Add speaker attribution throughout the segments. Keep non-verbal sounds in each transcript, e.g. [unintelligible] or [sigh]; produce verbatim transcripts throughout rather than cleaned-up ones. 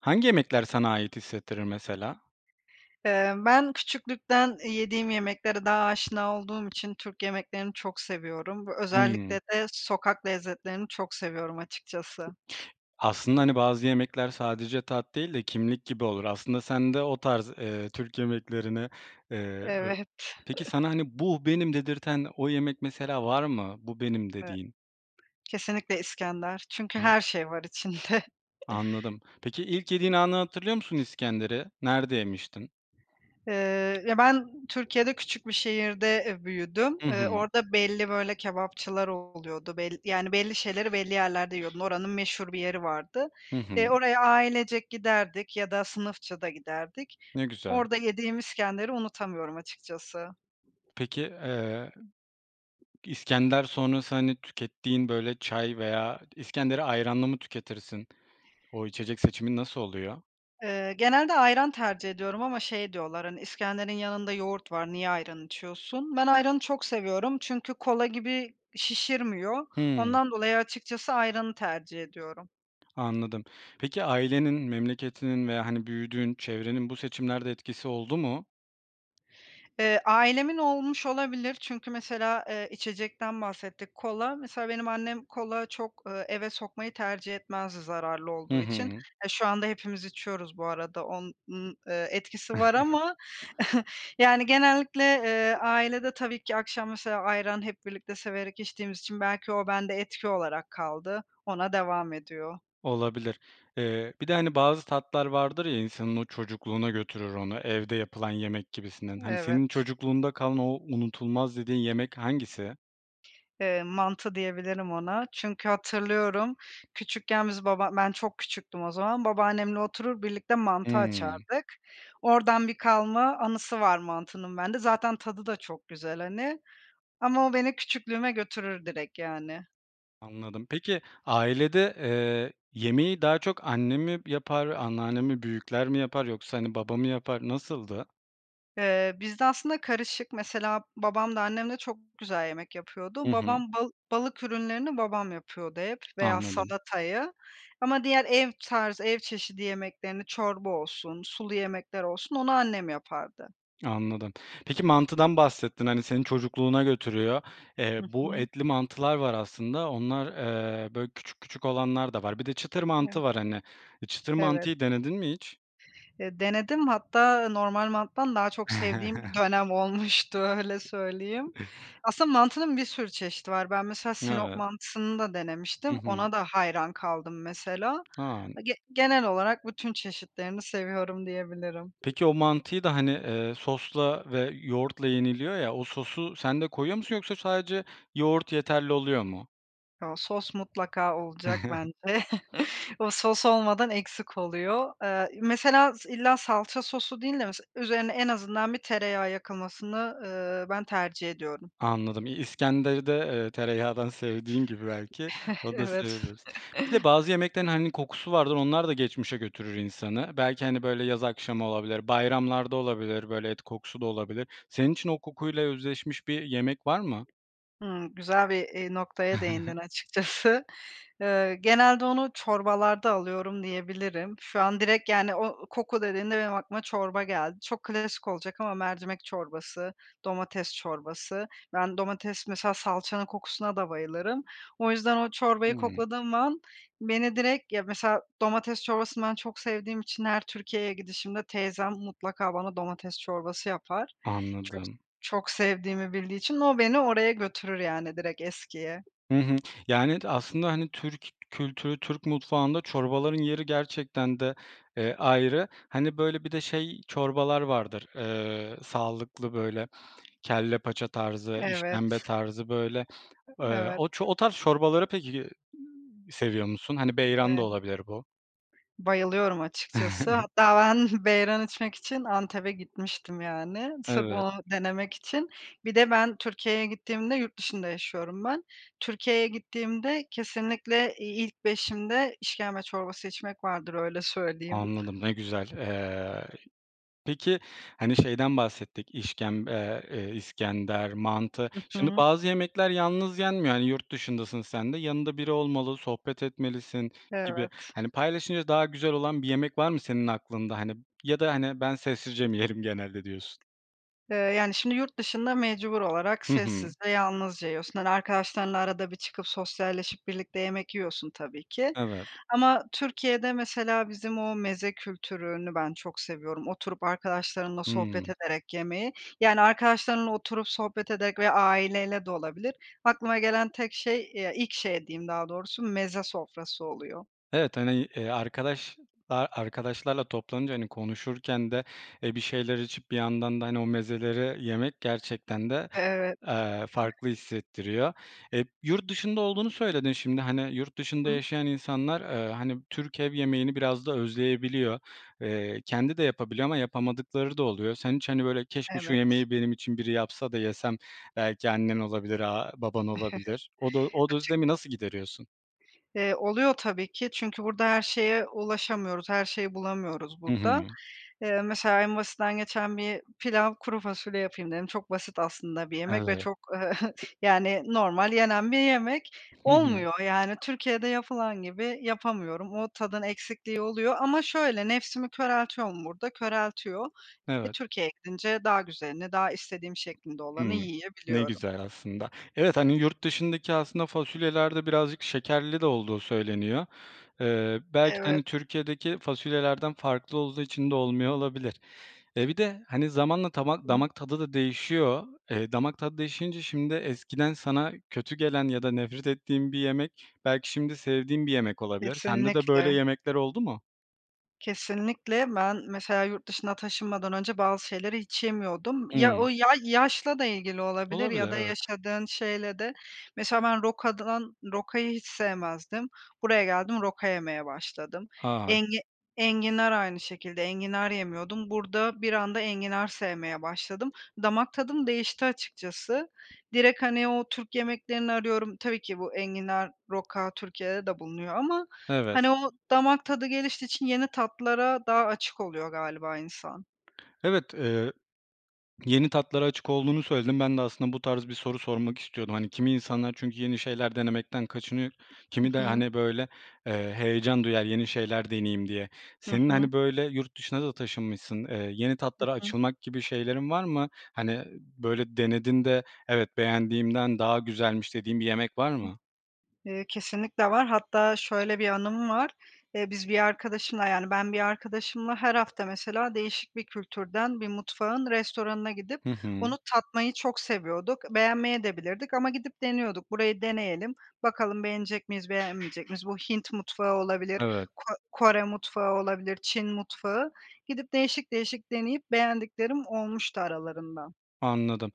Speaker 1: Hangi yemekler sana ait hissettirir mesela?
Speaker 2: Eee, ben küçüklükten yediğim yemeklere daha aşina olduğum için Türk yemeklerini çok seviyorum ve özellikle
Speaker 1: Hımm.
Speaker 2: de sokak lezzetlerini çok seviyorum açıkçası.
Speaker 1: Aslında, hani, bazı yemekler sadece tat değil de kimlik gibi olur. Aslında sen de o tarz, eee, Türk yemeklerini, eee, be
Speaker 2: Evet. [chuckles]
Speaker 1: Peki, sana, hani, bu benim dedirten o yemek mesela var mı bu benim
Speaker 2: E
Speaker 1: dediğin?
Speaker 2: Kesinlikle iskender çünkü
Speaker 1: A
Speaker 2: her şey var içinde.
Speaker 1: Anladım. Peki, ilk yediğin anı hatırlıyor musun iskenderi? Nerede yemiştin?
Speaker 2: Eee, ya, ben Türkiye'de küçük bir şehirde, eee, büyüdüm.
Speaker 1: I
Speaker 2: Eee,
Speaker 1: hı.
Speaker 2: orada belli böyle kebapçılar oluyordu. Bel yani belli şeyleri belli yerlerde yiyordun. Oranın meşhur bir yeri vardı.
Speaker 1: Hı
Speaker 2: Eee,
Speaker 1: hı.
Speaker 2: oraya ailecek giderdik ya da sınıfça da giderdik.
Speaker 1: Ne güzel.
Speaker 2: Orada yediğim iskenderi unutamıyorum açıkçası.
Speaker 1: Peki, eee, iskender sonrası, hani, tükettiğin böyle çay veya iskenderi ayranlı mı tüketirsin? O içecek seçimin nasıl oluyor?
Speaker 2: Eee, genelde ayran tercih ediyorum ama şey diyorlar: "Hani iskenderin yanında yoğurt var, niye ayran içiyorsun?" Ben ayranı çok seviyorum çünkü kola gibi şişirmiyor.
Speaker 1: Hıı.
Speaker 2: Ondan dolayı açıkçası ayranı tercih ediyorum.
Speaker 1: Anladım. Peki, ailenin, memleketinin veya, hani, büyüdüğün çevrenin bu seçimlerde etkisi oldu mu?
Speaker 2: Eee, ailemin olmuş olabilir çünkü mesela, eee, içecekten bahsettik, kola mesela benim annem kola çok, eee, eve sokmayı tercih etmezdi, zararlı
Speaker 1: Hı
Speaker 2: olduğu için.
Speaker 1: hı.
Speaker 2: Eee, şu anda hepimiz içiyoruz bu arada, onun, eee, etkisi var ama
Speaker 1: [chuckles]
Speaker 2: [chuckles] yani, genellikle, eee, ailede tabii ki akşam mesela ayran hep birlikte severek içtiğimiz için belki o bende etki olarak kaldı, ona devam ediyor.
Speaker 1: Olabilir, eee, bir de, hani, bazı tatlar vardır ya, insanın o çocukluğuna götürür onu, evde yapılan yemek gibisinden. Hani,
Speaker 2: Evet.
Speaker 1: senin çocukluğunda kalan, o unutulmaz dediğin yemek hangisi?
Speaker 2: Eee, mantı diyebilirim ona çünkü hatırlıyorum, küçükken biz, baba ben çok küçüktüm o zaman, babaannemle oturur, birlikte mantı
Speaker 1: Hımm.
Speaker 2: açardık. Oradan bir kalma anısı var mantının bende, zaten tadı da çok güzel, hani. Ama o beni küçüklüğüme götürür direkt yani.
Speaker 1: Anladım, peki, ailede, eee, yemeği daha çok anne mi yapar, anneanne mi, büyükler mi yapar yoksa, hani, baba mı yapar, nasıldı?
Speaker 2: Eee, bizde aslında karışık, mesela, babam da annem de çok güzel yemek
Speaker 1: Hı
Speaker 2: yapıyordu.
Speaker 1: hı.
Speaker 2: Babam bal balık ürünlerini babam yapıyordu hep veya
Speaker 1: Anladım.
Speaker 2: salatayı, ama diğer ev tarzı, ev çeşidi yemeklerini, çorba olsun, sulu yemekler olsun, onu annem yapardı.
Speaker 1: Anladım. Peki, mantıdan bahsettin, hani, seni çocukluğuna götürüyor. Eee,
Speaker 2: Hı
Speaker 1: bu
Speaker 2: hı.
Speaker 1: etli mantılar var aslında, onlar, eee, böyle, küçük küçük olanlar da var. Bir de çıtır
Speaker 2: Evet,
Speaker 1: mantı var hani. E, çıtır
Speaker 2: Evet.
Speaker 1: mantıyı denedin mi hiç?
Speaker 2: Eee, denedim hatta normal mantıdan daha çok sevdiğim
Speaker 1: [chuckles]
Speaker 2: dönem olmuştu, öyle söyleyeyim. Aslında, mantının bir sürü çeşidi var. Ben mesela Sinop
Speaker 1: Evet.
Speaker 2: mantısını da
Speaker 1: Hı
Speaker 2: denemiştim,
Speaker 1: hı.
Speaker 2: ona da hayran kaldım mesela.
Speaker 1: A!
Speaker 2: A, ge genel olarak bütün çeşitlerini seviyorum, diyebilirim.
Speaker 1: Peki, o mantıyı da, hani, eee, sosla ve yoğurtla yeniliyor ya. O sosu, sen de koyuyor musun, yoksa sadece yoğurt yeterli oluyor mu?
Speaker 2: O, sos mutlaka olacak bence.
Speaker 1: [chuckles]
Speaker 2: [chuckles] O sos olmadan, eksik oluyor. Eee, i mesela s illa salça sosu değil de mesela üzerine en azından bir tereyağı yakılmasını, ııı, ben tercih ediyorum.
Speaker 1: Anladım, İ İskender'i de, eee, tereyağdan sevdiğin gibi belki,
Speaker 2: [chuckles]
Speaker 1: onu da
Speaker 2: Evet.
Speaker 1: sevebilirsin. Bir de bazı
Speaker 2: [chuckles]
Speaker 1: yemeklerin hani kokusu vardır, onlar da geçmişe götürür insanı. Belki, hani, böyle, yaz akşamı olabilir, bayramlarda olabilir, böyle, et kokusu da olabilir. Senin için o kokuyla özdeşmiş bir yemek var mı?
Speaker 2: Hımm. Güzel bir, eee, noktaya değindin
Speaker 1: [chuckles]
Speaker 2: açıkçası. Iıı, genelde onu çorbalarda alıyorum, diyebilirim. Şu an direkt, yani, o koku dediğinde benim aklıma çorba geldi. Çok klasik olacak ama mercimek çorbası, domates çorbası. Ben, domates Mesela salçanın kokusuna da bayılırım. O yüzden o çorbayı
Speaker 1: Hıı.
Speaker 2: kokladığım an beni direkt Ya, mesela domates çorbasını ben çok sevdiğim için her Türkiye'ye gidişimde teyzem mutlaka bana domates çorbası yapar. Çok s
Speaker 1: Anladım.
Speaker 2: çok sevdiğimi bildiği için o beni oraya götürür, yani direkt eskiye.
Speaker 1: Hı hı. Yani evet, aslında, hani, Türk kültürü, Türk mutfağında çorbaların yeri gerçekten de, eee, ayrı. Hani, böyle, bir de şey çorbalar vardır. Eee, sağlıklı, böyle, kelle paça tarzı,
Speaker 2: Evet.
Speaker 1: işkembe tarzı, böyle.
Speaker 2: E
Speaker 1: Eee,
Speaker 2: evet.
Speaker 1: o ço o tarz çorbaları peki, iii, seviyor musun? Hani, Beyran da
Speaker 2: Eee
Speaker 1: olabilir bu.
Speaker 2: Bayılıyorum açıkcası.
Speaker 1: [chuckles]
Speaker 2: Hatta ben [chuckles] Beyran içmek için Antep'e gitmiştim, yani, sırf
Speaker 1: Evet.
Speaker 2: onu denemek için. Bir de ben Türkiye'ye gittiğimde Yurt dışında yaşıyorum ben. Türkiye'ye gittiğimde kesinlikle i ilk beşimde işkembe çorbası içmek vardır, öyle söyleyeyim.
Speaker 1: Anladım, ne güzel. Eee, ay Peki, hani, şeyden bahsettik, işkemb eee, iskender, mantı.
Speaker 2: Hı
Speaker 1: Şimdi
Speaker 2: hı.
Speaker 1: bazı yemekler yalnız yenmiyor. Hani yurt dışındasın sen de, yanında biri olmalı, sohbet etmelisin gibi.
Speaker 2: Evet.
Speaker 1: Hani paylaşınca daha güzel olan bir yemek var mı senin aklında, hani, ya da, hani, "Ben sessizce mi yerim, genelde." diyorsun.
Speaker 2: Eee, yani şimdi, yurt dışında mecbur olarak
Speaker 1: Hı hı.
Speaker 2: sessiz ve yalnızca yiyorsun, hani, arkadaşlarınla arada bir çıkıp sosyalleşip birlikte yemek yiyorsun tabii ki
Speaker 1: Evet.
Speaker 2: ama Türkiye'de mesela bizim o meze kültürünü ben çok seviyorum. Oturup arkadaşlarımla sohbet
Speaker 1: Hımm.
Speaker 2: ederek yemeyi, yani arkadaşlarınla oturup sohbet ederek ve aileyle de olabilir. Aklıma gelen tek şey, eee, ya, ilk şey diyeyim daha doğrusu, meze sofrası oluyor.
Speaker 1: Evet. Hani, i eee, arkadaş, aaa, arkadaşlarla toplanınca, hani, konuşurken de, eee, bir şeyler içip bir yandan da, hani, o mezeleri yemek gerçekten de,
Speaker 2: Evet.
Speaker 1: eee, farklı hissettiriyor. Eee, yurt dışında olduğunu söyledin şimdi. Hani, yurt dışında
Speaker 2: Hı.
Speaker 1: yaşayan insanlar, eee, hani Türk ev yemeğini biraz da özleyebiliyor. Eee, kendi de yapabiliyor ama yapamadıkları da oluyor. Sen hiç hani, böyle, "Keşke, şu
Speaker 2: Evet.
Speaker 1: yemeği benim için biri yapsa da yesem." belki annen olabilir, aaa, baban olabilir. O du
Speaker 2: [chuckles]
Speaker 1: o d
Speaker 2: Açık.
Speaker 1: özlemi nasıl gideriyorsun?
Speaker 2: Eee, oluyor tabii ki. Çünkü burada her şeye ulaşamıyoruz, her şeyi bulamıyoruz
Speaker 1: Hı
Speaker 2: burada.
Speaker 1: hı.
Speaker 2: Eee, mesela en basitinden geçen bir pilav, kuru fasulye yapayım dedim. Çok basit aslında bir yemek ve
Speaker 1: Evet.
Speaker 2: çok, eee, [chuckles] yani normal yenen bir yemek.
Speaker 1: Hı hı.
Speaker 2: Olmuyor. Yani Türkiye'de yapılan gibi yapamıyorum. O tadın eksikliği oluyor ama şöyle, nefsimi köreltiyor mu burada? Köreltiyor. E,
Speaker 1: Evet.
Speaker 2: Türkiye'ye gidince daha güzelini, daha istediğim şeklinde olanı
Speaker 1: Hımm. Ne
Speaker 2: yiyebiliyorum.
Speaker 1: güzel aslında. Evet, hani yurt dışındaki aslında fasulyelerde birazcık şekerli de olduğu söyleniyor. Eee, belki de,
Speaker 2: Evet.
Speaker 1: hani, Türkiye'deki fasulyelerden farklı olduğu için de olmuyor olabilir. Eee, bir de, hani, zamanla tama
Speaker 2: I
Speaker 1: damak tadı da değişiyor. Eee, damak tadı değişince şimdi eskiden sana kötü gelen ya da nefret ettiğin bir yemek belki şimdi sevdiğin bir yemek olabilir. Sende de böyle
Speaker 2: Kesinlikle.
Speaker 1: yemekler oldu mu?
Speaker 2: Kesinlikle, ben mesela yurt dışına taşınmadan önce bazı şeyleri hiç yemiyordum. Ya,
Speaker 1: Imm.
Speaker 2: o ya yaşla da ilgili olabilir ya
Speaker 1: Olabilir,
Speaker 2: da
Speaker 1: evet.
Speaker 2: yaşadığın şeyle de. Mesela ben rokadan Rokayı hiç sevmezdim. Buraya geldim, roka yemeye başladım.
Speaker 1: Ha!
Speaker 2: Engi enginar aynı şekilde, enginar yemiyordum. Burada bir anda enginar sevmeye başladım. Damak tadım değişti, açıkçası. Direkt, hani, o Türk yemeklerini arıyorum, tabii ki bu enginar, roka Türkiye'de de bulunuyor ama,
Speaker 1: Evet.
Speaker 2: hani, o damak tadı geliştiği için yeni tatlara daha açık oluyor galiba insan.
Speaker 1: Evet. Eee, yeni tatlara açık olduğunu söyledin. Ben de aslında bu tarz bir soru sormak istiyordum. Hani, kimi insanlar çünkü yeni şeyler denemekten kaçınıyor,
Speaker 2: I
Speaker 1: kimi de,
Speaker 2: hı.
Speaker 1: hani, böyle, eee, heyecan duyar, yeni şeyler deneyeyim diye.
Speaker 2: Hı
Speaker 1: Senin,
Speaker 2: hı.
Speaker 1: hani, böyle, yurt dışına da taşınmışsın, eee, yeni
Speaker 2: Hı
Speaker 1: tatlara
Speaker 2: hı.
Speaker 1: açılmak gibi şeylerin var mı? Hani, böyle, denedin de, "Evet, beğendiğimden daha güzelmiş." dediğin bir yemek var
Speaker 2: Hı.
Speaker 1: mı?
Speaker 2: Eee, kesinlikle var. Hatta şöyle bir anım var. Eee, biz bir arkadaşımla Yani, ben bir arkadaşımla her hafta mesela değişik bir kültürden, bir mutfağın restoranına gidip
Speaker 1: Hı hı.
Speaker 2: onu tatmayı çok seviyorduk, beğenmeyebilirdik de ama gidip deniyorduk. "Burayı deneyelim, bakalım beğenecek miyiz, beğenmeyecek miyiz?" Bu Hint mutfağı olabilir,
Speaker 1: Evet.
Speaker 2: Ko Kore mutfağı olabilir, Çin mutfağı Gidip değişik değişik deneyip beğendiklerim olmuştu aralarında.
Speaker 1: Anladım.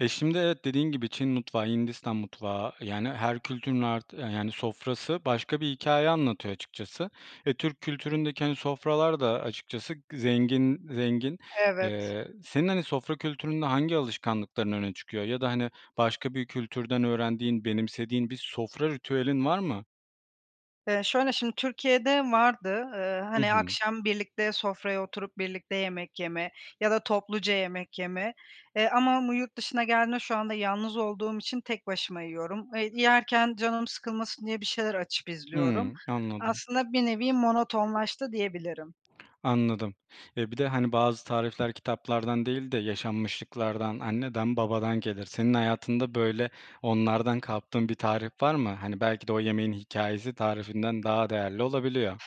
Speaker 1: E, şimdi, evet, dediğin gibi Çin mutfağı, Hindistan mutfağı, yani, her kültürün art yani, sofrası başka bir hikâye anlatıyor açıkçası ve Türk kültüründeki, hani, sofralar da açıkçası zengin, zengin.
Speaker 2: Evet.
Speaker 1: Eee, senin hani, sofra kültüründe hangi alışkanlıkların öne çıkıyor ya da hani, başka bir kültürden öğrendiğin, benimsediğin bir sofra ritüelin var mı?
Speaker 2: Eee, şöyle, şimdi Türkiye'de vardı. Eee,
Speaker 1: I
Speaker 2: hani,
Speaker 1: hı.
Speaker 2: akşam birlikte sofraya oturup birlikte yemek yeme ya da topluca yemek yeme, eee, ama mu yurt dışına geldiğimde şu anda yalnız olduğum için tek başıma yiyorum. Eee, yerken canım sıkılmasın diye bir şeyler açıp izliyorum.
Speaker 1: Hıı. Anladım.
Speaker 2: Aslında, bir nevi monotonlaştı diyebilirim.
Speaker 1: Anladım. E, bir de hani, bazı tarifler kitaplardan değil de yaşanmışlıklardan, anneden babadan gelir. Senin hayatında, böyle, onlardan kaptığın bir tarif var mı? Hani, belki de o yemeğin hikâyesi tarifinden daha değerli olabiliyor.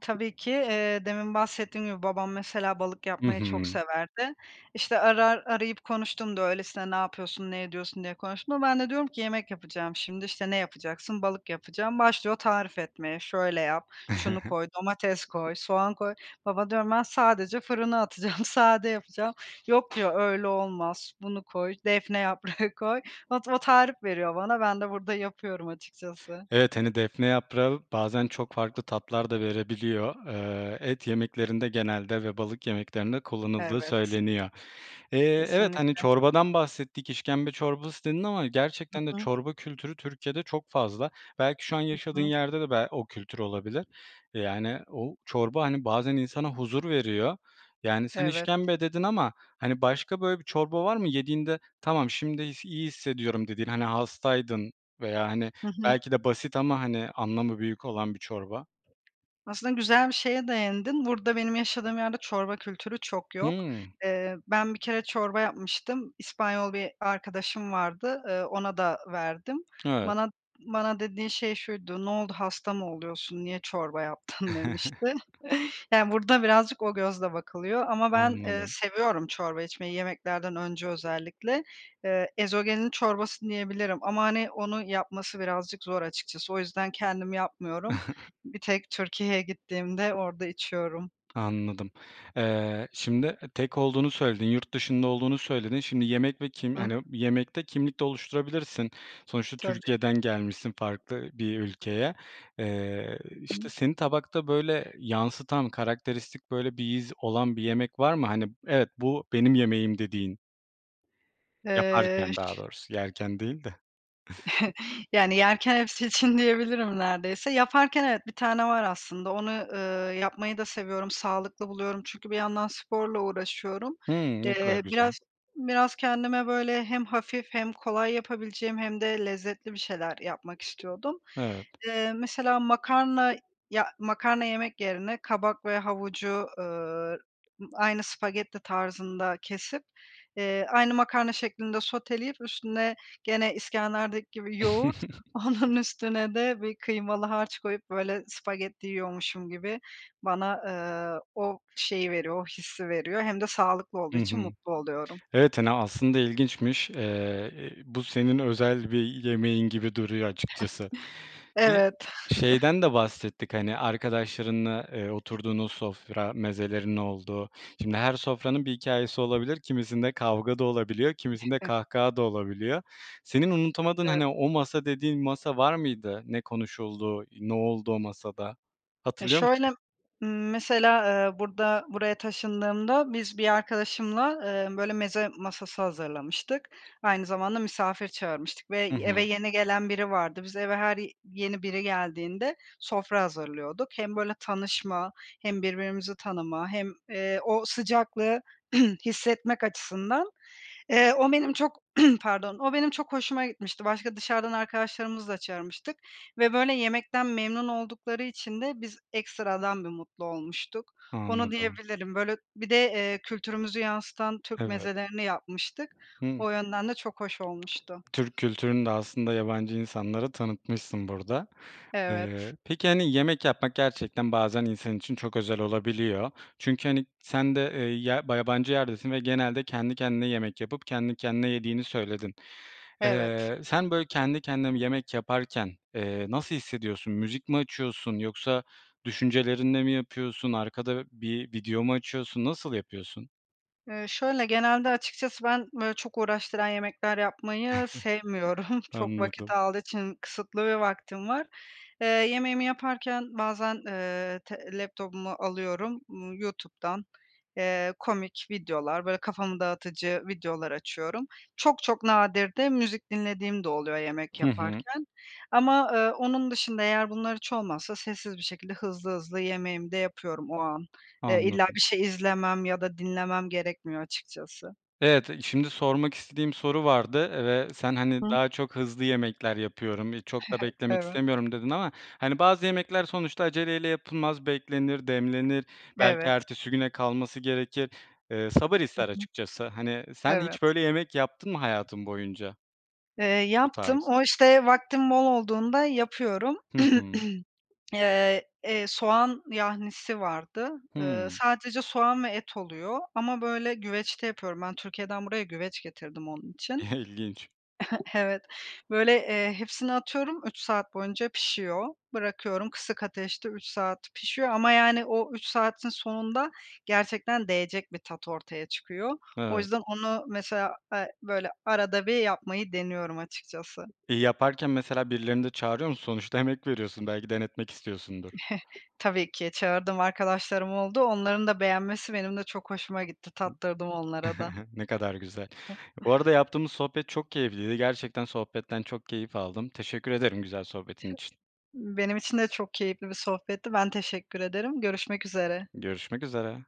Speaker 2: Tabii ki. Eee, demin bahsettiğim gibi, babam mesela, balık
Speaker 1: I
Speaker 2: yapmayı çok
Speaker 1: hı.
Speaker 2: severdi. İşte, arar arayıp konuştuğumda öylesine, ne yapıyorsun, ne ediyorsun, diye konuştuğumda, ben de diyorum ki, yemek yapacağım şimdi. İşte, ne yapacaksın? Balık yapacağım. Başlıyor tarif etmeye: Şöyle yap, şunu
Speaker 1: [chuckles]
Speaker 2: koy, domates koy, soğan koy. Baba, diyorum, ben sadece fırına atacağım, sade yapacağım. Yok, diyor, öyle olmaz, bunu koy, defne yaprağı koy... Ot o tarif veriyor bana, ben de burada yapıyorum açıkçası.
Speaker 1: Evet hani, defne yaprağı bazen çok farklı tatlar da verebiliyor. Eee, et yemeklerinde genelde ve balık yemeklerinde kullanıldığı
Speaker 2: Evet.
Speaker 1: söyleniyor. Eee, evet, hani,
Speaker 2: Kesinlikle.
Speaker 1: çorbadan bahsettik, işkembe çorbası dedin ama
Speaker 2: Hı
Speaker 1: gerçekten de
Speaker 2: hı.
Speaker 1: çorba kültürü Türkiye'de çok fazla. Belki şu an
Speaker 2: Hı
Speaker 1: yaşadığın
Speaker 2: hı.
Speaker 1: yerde de be o kültür olabilir. Yani, o çorba, hani, bazen insana huzur veriyor. Yani, sen
Speaker 2: Evet.
Speaker 1: işkembe dedin ama, hani, başka böyle bir çorba var mı, yediğinde "Tamam şimdi s iyi hissediyorum." dediğin, hani, hastaydın veya, hani,
Speaker 2: Hı hı.
Speaker 1: belki de basit ama, hani, anlamı büyük olan bir çorba?
Speaker 2: Aslında güzel bir şeye değindin. Burada benim yaşadığım yerde çorba kültürü çok yok.
Speaker 1: Hıı.
Speaker 2: Eee, ben bir kere çorba yapmıştım, İspanyol bir arkadaşım vardı, eee, ona da verdim.
Speaker 1: Evet.
Speaker 2: Bana bana dediğin şey şuydu: "Ne oldu, hasta mı oluyorsun, niye çorba yaptın?" demişti.
Speaker 1: [chuckles]
Speaker 2: Yani, burada birazcık o gözle bakılıyor ama ben, eee,
Speaker 1: Anladım.
Speaker 2: seviyorum çorba içmeyi yemeklerden önce özellikle. Eee, ezogelin çorbası diyebilirim ama, hani, onu yapması birazcık zor açıkçası. O yüzden kendim yapmıyorum.
Speaker 1: [chuckles]
Speaker 2: Bir tek Türkiye'ye gittiğimde orada içiyorum.
Speaker 1: Anladım. Eee, şimdi tek olduğunu söyledin. Yurt dışında olduğunu söyledin. Şimdi yemek ve kim
Speaker 2: Hı.
Speaker 1: hani, yemekte kimlik de oluşturabilirsin. Sonuçta
Speaker 2: Tabii.
Speaker 1: Türkiye'den gelmişsin farklı bir ülkeye. Eee, işte,
Speaker 2: [unintelligible]
Speaker 1: seni tabakta, böyle, yansıtan, karakteristik böyle, bir iz olan bir yemek var mı, hani, "Evet, bu benim yemeğim!" dediğin?
Speaker 2: Eee,
Speaker 1: Yaparken daha
Speaker 2: ş
Speaker 1: doğrusu, yerken değil de.
Speaker 2: [chuckles] Yani, yerken hepsi için diyebilirim neredeyse. Yaparken evet, bir tane var aslında. Onu, eee, yapmayı da seviyorum. Sağlıklı buluyorum, çünkü bir yandan sporla uğraşıyorum.
Speaker 1: Hıı. Ne kadar
Speaker 2: Eee,
Speaker 1: güzel.
Speaker 2: biraz biraz kendime böyle hem hafif hem kolay yapabileceğim hem de lezzetli bir şeyler yapmak istiyordum.
Speaker 1: Evet.
Speaker 2: Eee, mesela makarna ya, makarna yemek yerine kabak ve havucu, ııı, aynı spagetti tarzında kesip, eee, aynı makarna şeklinde soteleyip üstüne, gene iskenderdeki gibi, yoğurt,
Speaker 1: [chuckles]
Speaker 2: onun üstüne de bir kıymalı harç koyup, böyle, spagetti yiyormuşum gibi bana, eee, o şeyi veriyor, o hissi veriyor hem de sağlıklı olduğu
Speaker 1: Hı hı.
Speaker 2: için mutlu oluyorum.
Speaker 1: Evet, hani, aslında ilginçmiş. Eee, bu senin özel bir yemeğin gibi duruyor açıkçası.
Speaker 2: [chuckles]
Speaker 1: [unintelligible]
Speaker 2: Evet.
Speaker 1: Şeyden de bahsettik,
Speaker 2: [chuckles]
Speaker 1: hani, arkadaşlarınla, eee, oturduğunuz sofra mezelerinin olduğu. Şimdi her sofranın bir hikâyesi olabilir, kimisinde kavga da olabiliyor, kimisinde
Speaker 2: [giggles]
Speaker 1: kahkaha da olabiliyor. Senin unutamadığın,
Speaker 2: E
Speaker 1: hani, "o masa" dediğin masa var mıydı, ne konuşuldu, ne oldu o masada?
Speaker 2: Ya,
Speaker 1: Hatırlıyor
Speaker 2: şöyle,
Speaker 1: musun?
Speaker 2: ımm, mesela, eee, burada, buraya taşındığımda biz bir arkadaşımla, eee, böyle meze masası hazırlamıştık, aynı zamanda misafir çağırmıştık ve
Speaker 1: Hı
Speaker 2: eve
Speaker 1: hı.
Speaker 2: yeni gelen biri vardı. Biz eve her yeni biri geldiğinde sofra hazırlıyorduk. Hem böyle tanışma hem birbirimizi tanıma hem, eee, o sıcaklığı [clears throat] hissetmek açısından. Eee, o benim çok [clears throat] Pardon. O benim çok hoşuma gitmişti, başka dışarıdan arkadaşlarımızı da çağırmıştık ve böyle yemekten memnun oldukları için de biz ekstradan bir mutlu olmuştuk. Onu
Speaker 1: Anladım.
Speaker 2: diyebilirim. Böyle bir de, eee, kültürümüzü yansıtan Türk
Speaker 1: Evet.
Speaker 2: mezelerini yapmıştık.
Speaker 1: Hı.
Speaker 2: O yönden de çok hoş olmuştu.
Speaker 1: Türk kültürünü de aslında yabancı insanlara tanıtmışsın burada.
Speaker 2: Evet.
Speaker 1: Eee, peki, hani, yemek yapmak gerçekten bazen insan için çok özel olabiliyor. Çünkü, hani, sen de, eee, ya ba yabancı yerdesin ve genelde kendi kendine yemek yapıp kendi kendine yediğini söyledin.
Speaker 2: Evet.
Speaker 1: Eee, sen, böyle, kendi kendine bir yemek yaparken, eee, nasıl hissediyorsun? Müzik mi açıyorsun yoksa düşüncelerinle mi yapıyorsun? Arkada bir video mu açıyorsun? Nasıl yapıyorsun?
Speaker 2: Eee, şöyle, genelde açıkçası ben böyle çok uğraştıran yemekler yapmayı
Speaker 1: [chuckles]
Speaker 2: sevmiyorum, çok vakit
Speaker 1: Anladım.
Speaker 2: aldığı için. Kısıtlı bir vaktim var. Eee, yemeğimi yaparken bazen, ııı, te laptopumu alıyorum, ımm, YouTube'dan, eee, komik videolar, böyle kafamı dağıtıcı videolar açıyorum. Çok, çok nadir de müzik dinlediğim de oluyor yemek
Speaker 1: Hı hı.
Speaker 2: yaparken. Ama, ııı, onun dışında, eğer bunlar hiç olmazsa, sessiz bir şekilde hızlı hızlı yemeğimi de yapıyorum o an. Eee, illa
Speaker 1: Anladım.
Speaker 2: bir şey izlemem ya da dinlemem gerekmiyor açıkçası.
Speaker 1: Evet, şimdi sormak istediğim soru vardı, eee, ve sen, hani,
Speaker 2: Hı.
Speaker 1: daha çok hızlı yemekler yapıyorum, iii, çok da
Speaker 2: [chuckles]
Speaker 1: beklemek
Speaker 2: Evet.
Speaker 1: istemiyorum dedin ama, hani, bazı yemekler sonuçta aceleyle yapılmaz, beklenir, demlenir, belki
Speaker 2: Evet.
Speaker 1: ertesi güne kalması gerekir. Iıı, sabır
Speaker 2: Hı
Speaker 1: ister açıkçası, hani.
Speaker 2: hı.
Speaker 1: Sen hiç
Speaker 2: Evet.
Speaker 1: böyle yemek yaptın mı hayatın boyunca?
Speaker 2: Eee,
Speaker 1: Bu
Speaker 2: yaptım,
Speaker 1: tarz.
Speaker 2: o işte vaktim bol olduğunda yapıyorum.
Speaker 1: Hı hı.
Speaker 2: [clears throat] Iıı, eee, soğan yahnisi vardı, ııı,
Speaker 1: Hımm.
Speaker 2: sadece soğan ve et oluyor; ama böyle güveçte yapıyorum ben. Türkiye'den buraya güveç getirdim onun için.
Speaker 1: İlginç.
Speaker 2: [chuckles] Evet. Böyle, eee, hepsini atıyorum üç saat boyunca pişiyor, bırakıyorum, kısık ateşte üç saat pişiyor ama yani o üç saatin sonunda gerçekten değecek bir tat ortaya çıkıyor.
Speaker 1: N
Speaker 2: O
Speaker 1: evet.
Speaker 2: yüzden onu mesela, a, böyle arada bir yapmayı deniyorum açıkçası.
Speaker 1: İii, yaparken mesela birilerini de çağırıyor musun? Sonuçta emek veriyorsun, belki denetmek istiyorsundur.
Speaker 2: [chuckles] Tabii ki. Çağırdığım arkadaşlarım oldu. Onların da beğenmesi benim de çok hoşuma gitti. Tattırdım onlara da.
Speaker 1: [chuckles] Ne kadar güzel,
Speaker 2: [chuckles]
Speaker 1: bu arada yaptığımız sohbet çok keyifliydi, gerçekten sohbetten çok keyif aldım. Teşekkür
Speaker 2: [hiccups]
Speaker 1: ederim güzel sohbetin için.
Speaker 2: Benim için de çok keyifli bir sohbetti, ben teşekkür ederim, görüşmek üzere.
Speaker 1: Görüşmek üzere.